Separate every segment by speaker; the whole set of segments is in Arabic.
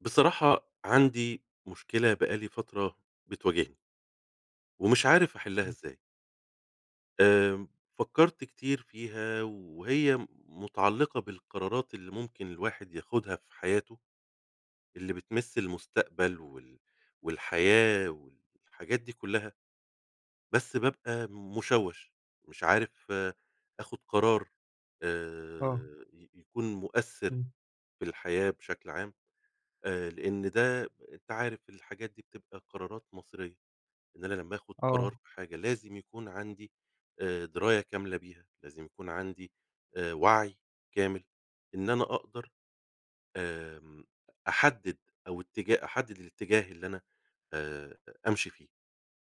Speaker 1: بصراحة عندي مشكلة بقالي فترة بتواجهني. ومش عارف أحلها
Speaker 2: إمم.
Speaker 1: إزاي. آآ فكرت كتير فيها وهي متعلقة بالقرارات اللي ممكن الواحد ياخدها في حياته. اللي بتمس المستقبل وال والحياة والحاجات دي كلّها. بس بابقى مشوش مش عارف آخد قرار
Speaker 2: آه.
Speaker 1: آآ ي يكون مؤثر
Speaker 2: إمم.
Speaker 1: في الحياة بشكل عام، آآ لأن ده أنت عارف الحاجات دي بتبقى قرارات مصيرية، إن أنا لمّا آخد قرار
Speaker 2: آه.
Speaker 1: في حاجة لازم يكون عندي آآ دراية كاملة بيها لازم يكون عندي آآ وعي كامل، إن أنا أقدر آمم أحدد أو اتجاه أحدد الاتجاه اللي أنا آآ أمشي فيه،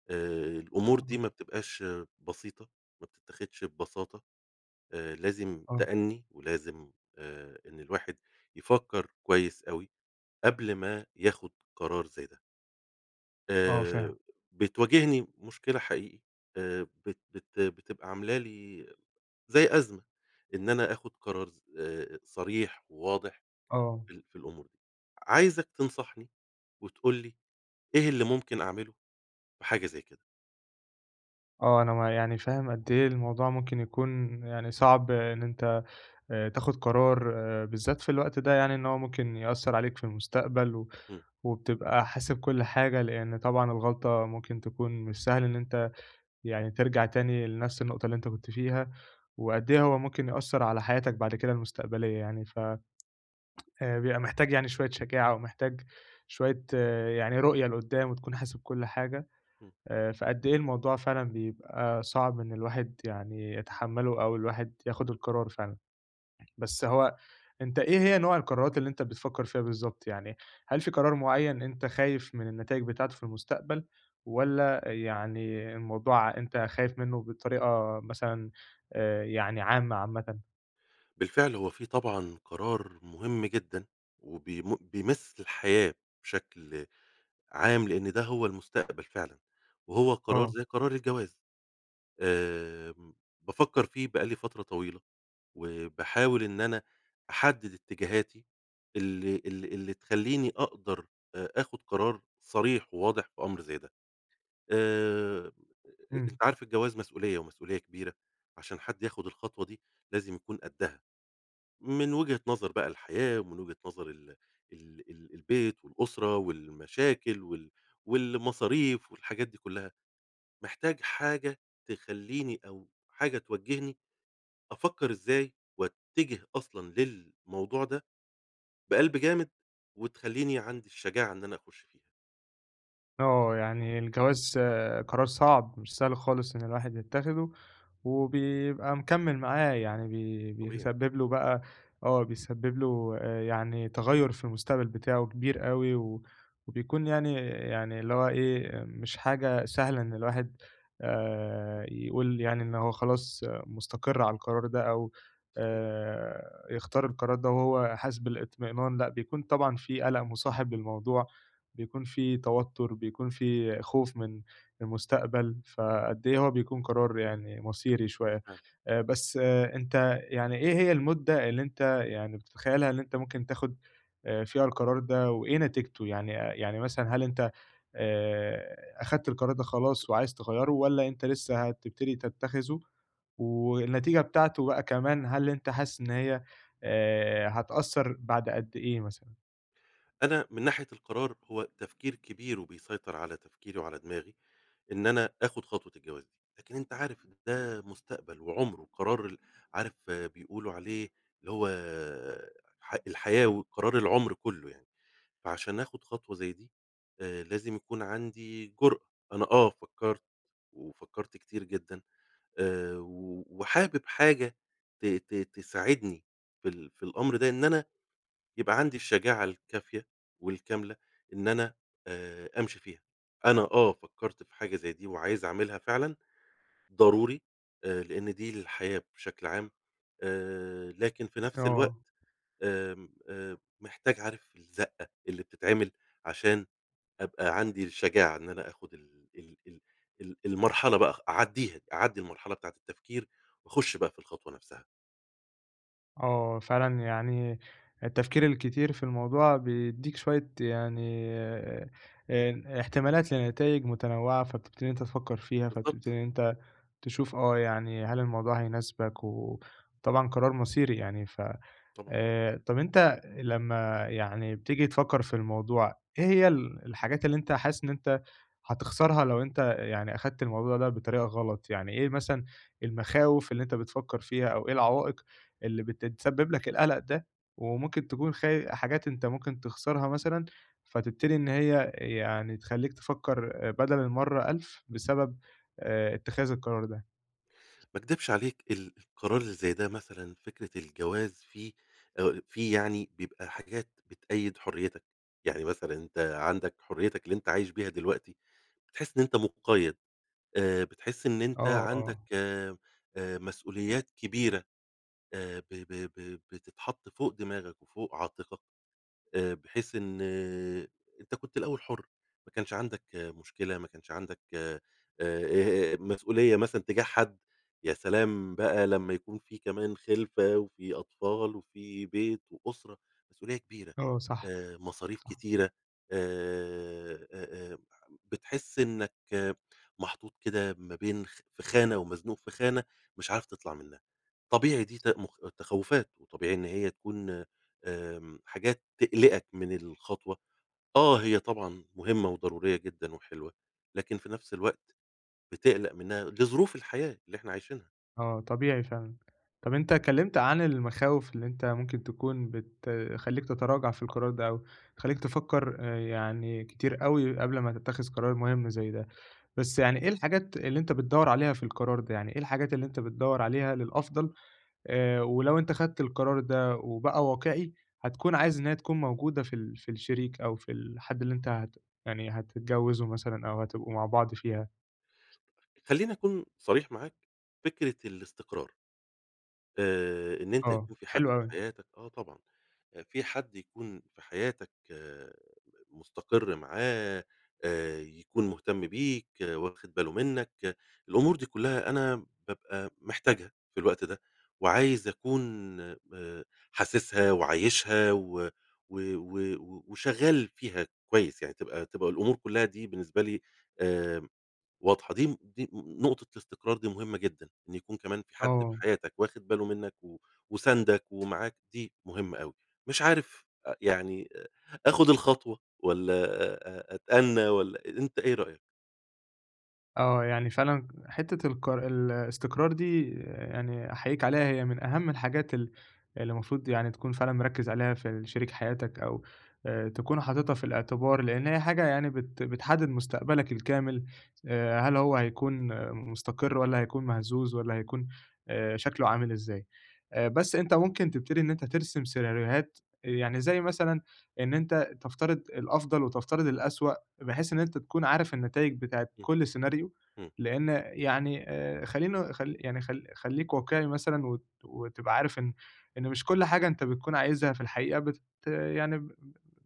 Speaker 1: آآ الأمور دي
Speaker 2: إمم.
Speaker 1: ما بتبقاش بسيطة ما بتتخدش ببساطة آآ لازم
Speaker 2: آه.
Speaker 1: تأني ولازم آآ إن الواحد يفكر كويس أوي قبل ما ياخد قرار زي ده.
Speaker 2: آه فاهم.
Speaker 1: آآ بتواجهني مُشكلة حقيقي، آآ بت بت بتبقى عاملة لي زي أزمة، إن أنا آخد قرار ز آآ، صريح وواضح
Speaker 2: آه.
Speaker 1: في ال في الأمور، عايزك تنصحني وتقول لي إيه اللي ممكن أعمله في حاجة زي كده؟
Speaker 2: آه أنا ما يعني فاهم قدّ إيه الموضوع ممكن يكون يعني صعب إن أنت آآ، تاخد قرار بالذات في الوقت ده يعني إن هو ممكن يأثّر عليك في المستقبل و
Speaker 1: إمم.
Speaker 2: وبتبقى حاسب كُل حاجة لإن طبعًا الغلطة ممكن تكون مش سهل إن أنت يعني ترجَع تاني لنفس النقطة اللي أنت كنت فيها، وقدّ إيه هو ممكن يأثّر على حياتك بعد كده المُستقبلية يعني، ف آآ بيبقى محتاج يعني شوية شجاعة ومحتاج شوية يعني رؤية لقدّام وتكون حاسب كُل حاجة،
Speaker 1: إمم.
Speaker 2: آآ، فقدّ إيه الموضوع فعلًا بيبقى صعب إن الواحد يعني يتحمله أو الواحد ياخد القرار فعلًا. بس هو أنت إيه هي نوع القرارات اللي أنت بتفكّر فيها بالضبط؟ يعني هل في قرار مُعين أنت خايف مِن النتايج بتاعته في المستقبل، والّا يعني الموضوع ع أنت خايف منُّه بطريقة مثلًا آآ، يعني عامة، عامةً؟
Speaker 1: بالفعل هو في طبعًا قرار مهم جدًا، وبي بيمس الحياة بشكل عام، لأن ده هو المستقبل فعلًا وهو قرار
Speaker 2: آه.
Speaker 1: زي قرار الجواز. آآ بافكر فيه بقالي فترة طويلة، وباحاول إن أنا أحدد اتجاهاتي اللي ال اللي تخلّيني أقدر آآ آخد قرار صريح وواضح في أمر زي ده. آآ
Speaker 2: إمم.
Speaker 1: أنت عارف الجواز مسؤولية ومسؤولية كبيرة عشان حد ياخد الخطوة دي لازم يكون قدّها. من وجهة نظر بقى الحياة ومن وجهة نظر ال ال ال البيت والأسرة والمشاكل وال والمصاريف والحاجات دي كلّها، محتاج حاجة تخلّيني أو حاجة توجّهني أفكر إزاي واتجه أصلًا للموضوع ده. بقلب جامد وتخلّيني عندي الشجاعة إن أنا أخُش فيها.
Speaker 2: آه يعني الجواز قرار صعب مش سهل خالص إن الواحد يتخذه، وبيبقى مكمل معاه يعني بي
Speaker 1: طبيعي.
Speaker 2: بيسبب له بقى آه بيسبب له يعني تغيّر في المستقبل بتاعه كبير أوي، وبيكون يعني، يعني اللي هو إيه مش حاجة سهلة إن الواحد آآ يقول يعني إن هو خلاص مستقر على القرار ده، أو
Speaker 1: صحيح.
Speaker 2: آآ يختار القرار ده وهو حاسس بالاطمئنان لأ، بيكون طبعًا في قلق مصاحب للموضوع، بيكون في توتر بيكون في خوف من المستقبل، فقد إيه هو بيكون قرار يعني مصيري شوية،
Speaker 1: بالفعل.
Speaker 2: آآ بس أنت يعني إيه هي المدة اللي أنت يعني بتتخيلها اللي أنت ممكن تاخد فيها القرار ده وإيه نتيجته يعني، يعني مثلًا هل أنت آآ أخدت القرار ده خلاص وعايز تغيّره والّا أنت لسه هتبتدي تتخذه والنتيجة بتاعته بقى كمان هل أنت حاسس إن هي آآ هتأثر بعد قد إيه مثلًا؟
Speaker 1: أنا من ناحية القرار هو تفكير كبير، وبيسيطر على تفكيري وعلى دماغي إن أنا آخد خطوة الجواز. لكن أنت عارف ده مستقبل وعُمر، وقرار ال عارف بيقولوا عليه اللي هو ح الحياة وقرار العُمر كلّه يعني. فعشان آخد خطوة زي دي آآ لازم يكون عندي جرأة. أنا آه، فكرت وفكرت كتير جدًا، آآ و وحابب حاجة ت ت تساعدني في ال في الأمر ده، إن أنا يبقى عندي الشجاعة الكافية والكاملة إن أنا آآ أمشي فيها. أنا آه، فكرت في حاجة زي دي، وعايز أعملها فعلًا ضروري، آآ لأن دي الحياة بشكل عام، آآ لكن في نفس
Speaker 2: آه.
Speaker 1: الوقت آمم آآ محتاج عارف الزقة اللي بتتعمل عشان أبقى عندي الشجاعة إن أنا آخد ال ال ال ال المرحلة بقى خ أعديها، أعدي المرحلة بتاعة التفكير، وأخش بقى في الخطوة نفسها.
Speaker 2: آه فعلًا، يعني التفكير الكتير في الموضوع بيدّيك شوية يعني آآ احتمالات لنتايج متنوعة، فبتبتدي إن أنت تفكّر فيها، فبتبتدي
Speaker 1: بالضبط
Speaker 2: إن أنت تشوف، آه، يعني هل الموضوع هيناسبك، وطبعًا قرار مصيري يعني ف
Speaker 1: طبعًا.
Speaker 2: آآ طَب أنت لمّا يعني بتيجي تفكّر في الموضوع، إيه هي ال الحاجات اللي أنت حاسس إن أنت هتخسرها لو أنت يعني أخدت الموضوع ده بطريقة غلط، يعني إيه مثلًا المخاوف اللي أنت بتفكر فيها، أو إيه العوائق اللي بت تسبب لك القلق ده، وممكن تكون خ حاجات أنت ممكن تخسرها مثلًا، فتبتدي إن هي يعني تخلّيك تفكّر بدل المرّة ألف بسبب، آآ اتخاذ القرار ده.
Speaker 1: ما اكدبش عليك، ال القرار اللي زي ده، مثلًا فكرة الجواز فيه آآ فيه يعني بيبقى حاجات بتقييد حريتك. يعني مثلًا أنت عندك حريتك اللي أنت عايش بيها دلوقتي، بتحس إن أنت مُقيّد، آآ، بتحس إن أنت
Speaker 2: آه
Speaker 1: عندك
Speaker 2: آه.
Speaker 1: آآ مسؤوليات كبيرة آآ ب ب ب بتتحط فوق دماغك وفوق عاتقك، آآ بحيث إن أنت كنت الأوّل حُر ما كانش عندك مشكلة، ما كانش عندك، آآ مسؤولية مثلًا تجاه حد. يا سلام لمّا يكون في كمان خِلفة وفي أطفال، وفي بيت وأسرة، مسؤولية كبيرة،
Speaker 2: آه صح
Speaker 1: آآ مصاريف
Speaker 2: صح.
Speaker 1: كتيرة، آآ آآ آآ بتحس إنّك محطوط كده ما بين خ في خانة، ومزنوق في خانة مش عارف تطلع منها. طبيعي دي ت تخوفات وطبيعي إن هي تكون، آمم، حاجات تقلقك من الخطوة. آه هي طبعًا مهمّة وضرورية جدًا وحلوة، لكن في نفس الوقت بتقلق منها لظروف الحياة اللي إحنا عايشينها.
Speaker 2: آه، طبيعي فعلًا، طَب أنت اتكلّمت عن المخاوف اللي أنت ممكن تكون بتخلّيك تتراجع في القرار ده، أو تخلّيك تفكّر آآ يعني كتير أوي قبل ما تتخذ قرار مهمّ زَيّ ده، بَس يعني إيه الحاجات اللي أنت بتدوّر عليها في القرار ده؟ يعني إيه الحاجات اللي أنت بتدوّر عليها للأفضل، آآ ولو أنت خدت القرار ده، وبقى واقعي، هتكون عايز إن هي تكون موجودة في ال في الشريك، أو في الحَد اللي أنت هت يعني هتتجوّزه مثلًا، أو هتبقوا مع بعض فيها؟
Speaker 1: خلّيني أكون صريح معاك، فكرة الإستقرار، آآ إن أنت
Speaker 2: آه،
Speaker 1: يكون في حَد
Speaker 2: حلو
Speaker 1: في
Speaker 2: أوي.
Speaker 1: حياتك، آه طبعًا، في حَد يكون في حياتك مستقر معاه، آآ يكون مهتم بيك، وأخد باله منّك، الأمور دي كلّها أنا بابقى محتاجها في الوقت ده، وعايز أكون آآ حاسسها، وعايشها، و و و وشغّال فيها كويس، يعني تبقى تبقى الأمور كلّها دي بالنسبة لي آمم واضحة، دي دي نقطة، الإستقرار دي مهمّة جدًا، إن يكون كمان في حَد في
Speaker 2: آه.
Speaker 1: حياتك واخد باله منّك، و وساندك، ومعاك، دي مهمّة أوي، مش عارف آآ يعني أخد الخطوة والّا أ أ أتأنى والّا أ أنت إيه رأيك؟
Speaker 2: آه، يعني فعلًا حتّة القر الإستقرار دي يعني أحيّيك عليها هي من أهَم الحاجات ال اللي المفروض يعني تكون فعلًا مركّز عليها في ال شريك حياتك أو آآ تكون حاططها في الإعتبار، لإن هي حاجة يعني بت بتحدّد مستقبلك الكامل آآ هل هو هيكون مستقر والّا هيكون مهزوز والّا هيكون آآ شكله عامل إزاي؟ آآ بَس أنت ممكن تبتدي إن أنت ترسم سيناريوهات، آآ يعني زَيّ مثلًا إن أنت تفترض الأفضل وتفترض الأسوأ بحيث إن أنت تكون عارف النتايج بتاعة
Speaker 1: إمم.
Speaker 2: كُل scenario،
Speaker 1: إمم.
Speaker 2: لإن يعني آآ خلّينا خلّي يعني خلّي خلّيك واقعي مثلًا وت وتبقى عارف إن إن مش كُل حاجة أنت بتكون عايزها في الحقيقة بت يعني ب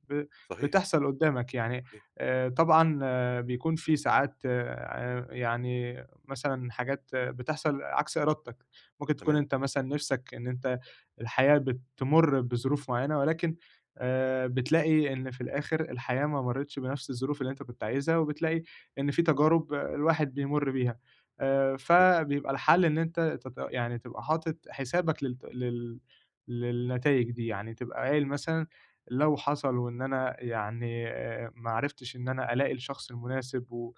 Speaker 2: ب ب
Speaker 1: صحيح.
Speaker 2: بتحصل قدّامك يعني،
Speaker 1: صحيح.
Speaker 2: آآ طبعًا بيكون في ساعات آآ ع يعني مثلًا حاجات بتحصل عكس إرادتك، ممكن تكون
Speaker 1: تمام.
Speaker 2: أنت مثلًا نِفْسك إن أنت الحياة بتمُرّ بظروف معيّنة ولكن آآ بتلاقي إن في الآخِر الحياة ما مرّتش بنَفْس الظروف اللي أنت كنت عايزها، وبتلاقي إن في تجارب الواحد بيمُرّ بيها آآ
Speaker 1: صحيح.
Speaker 2: فبيبقى الحَل إن أنت تبق يعني تبقى حاطط حسابك للت لل للنتايج دي يعني، تبقى قايل مثلًا لو حصل وإن أنا يعني ما عرفتش إن أنا ألاقي الشخص المناسب و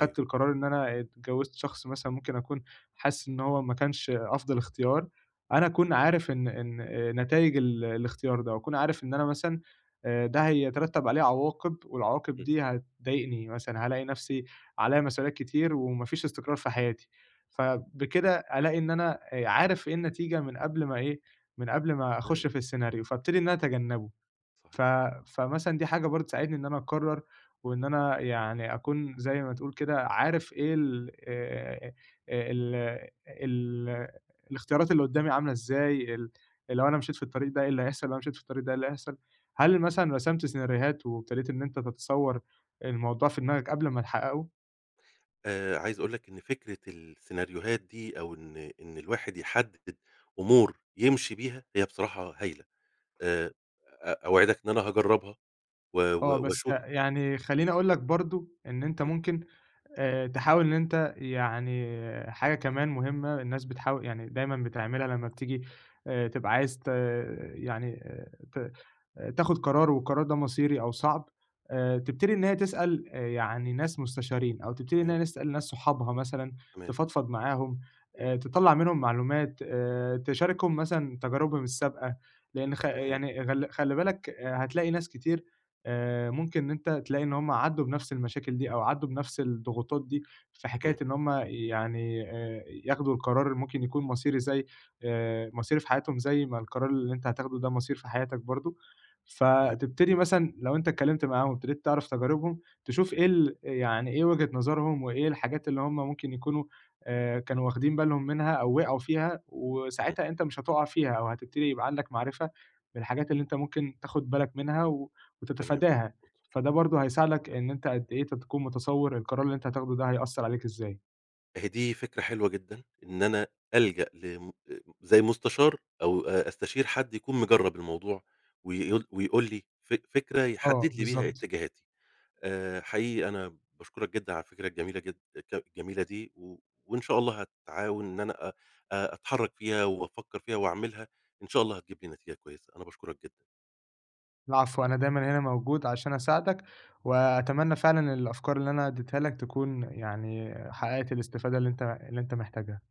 Speaker 1: أيوه.
Speaker 2: القرار إن أنا اتجوّزت شخص مثلًا ممكن أكون حاسس إن هو ما كانش أفضل إختيار، أنا
Speaker 1: تما
Speaker 2: أكون عارف إن إن آآ نتايج ال الإختيار ده وأكون عارف إن أنا مثلًا آآ ده هيترتب عليه عواقب والعواقب
Speaker 1: إمم.
Speaker 2: دي هتضايقني مثلًا، هالاقي نَفْسي عليّا مسؤوليات كتير وما فيش إستقرار في حياتي، فبكده ألاقي إن أنا آآ عارف إيه النتيجة من قبل ما إيه من قبل ما
Speaker 1: أيوه.
Speaker 2: أخُش في السيناريو، فأبتدي إن أنا أتجنّبه ف
Speaker 1: صحيح.
Speaker 2: فمثلًا دي حاجة برضه بتساعدني إن أنا أقرّر وإن أنا يعني أكون زَيّ ما تقول كده عارف إيه ال آآ آآ ال ال الإختيارات اللي قدّامي عاملة إزاي، اللي لو أنا مشيت في الطريق ده إيه اللي هيحصل، لو مشيت في الطريق ده إيه اللي هيحصل، هل مثلًا رسمت سيناريوهات وابتديت إن أنت تتصوّر الموضوع في دماغك قبل ما تحققه؟
Speaker 1: آآ عايز أقول لك إن فكرة السيناريوهات دي أو إن إن الواحد يحدّد أمور يمشي بيها هي بصراحة هايلة، آآ، أ أوعدك إن أنا هاجرّبها و
Speaker 2: آه،
Speaker 1: و
Speaker 2: بس
Speaker 1: وأشوف
Speaker 2: يعني خلّيني أقول لك برضه إن أنت
Speaker 1: إمم.
Speaker 2: ممكن آآ، تحاول إن أنت، يعني حاجة كمان مهمّة الناس بتحاو يعني دايمًا بتعملها، لمّا بتيجي آآ، تبقى عايز ت يعني ت تاخد قرار، والقرار ده مصيري أو صعب، آآ، تبتدي إن هي تسأل يعني ناس مستشارين، أو تبتدي إن
Speaker 1: تمام.
Speaker 2: هي نسأل ناس صحابها مثلًا،
Speaker 1: تمام.
Speaker 2: تفضفض معاهم، آآ، تطلّع منهم معلومات، آآ، تشاركهم مثلًا تجاربهم السابقة، لإن خ
Speaker 1: تمام.
Speaker 2: يعني غل خلّي بالك، آآ، هتلاقي ناس كتير آآ، ممكن إن أنت تلاقي إن هُم عدّوا بنَفْس المشاكل دي، أو عدّوا بنَفْس الضغوطات دي، في حكاية
Speaker 1: همم.
Speaker 2: إن هُم يعني آآ، ياخدوا القرار اللي ممكن يكون مصيري، زَيّ آآ، مصيري في حياتهم، زَيّ ما القرار اللي أنت هتاخدوا ده مصير في حياتك برضه،
Speaker 1: تمام
Speaker 2: فتبتدي
Speaker 1: مضبوط.
Speaker 2: مثلًا لو أنت اتكلمت معاهم، وابتديت تعرف تجاربهم، تشوف إيه ال يعني إيه وجهة نظرهم، وإيه الحاجات اللي هُم ممكن يكونوا آآ، كانوا واخدين بالهم منها، أو وقعوا فيها،
Speaker 1: إمم.
Speaker 2: وساعتها أنت مش هتُقع فيها، أو هتبتدي يبقى عندك معرفة بالحاجات اللي أنت ممكن تاخد بالك منها، و
Speaker 1: تمام،.
Speaker 2: وتتفاداها، فده
Speaker 1: [unintelligible]
Speaker 2: برضه هيساعدك إن أنت قد إيه ت تكون متصوّر القرار اللي أنت هتاخده ده هيأثّر عليك إزاي.
Speaker 1: أهي دي فكرة حلوة جدًا إن أنا ألجأ لم آآ، زَيّ المستشار أو أ أستشير حد يكون مجرّب الموضوع ويقول ويقول لي فك فكرة
Speaker 2: آه،
Speaker 1: يحدّد لي بيها
Speaker 2: بالضبط.
Speaker 1: اتجاهاتي. آآ، حقيقي أنا باشكرك جدًا على الفكرة الجميلة جد ك الجميلة دي و وإن شاء الله هاتعاون إن أنا أ آآ، أتحرّك فيها وأفكّر فيها وأعملها إن شاء الله هتجيب لي نتيجة كويسة أنا باشكرك جدًا.
Speaker 2: العفو، أنا دايمًا هنا موجود عشان أساعدك، وأتمنى فعلًا الأفكار اللي أنا اديتها لك تكون يعني حقّقت الاستفادة اللي أنت اللي أنت محتاجها.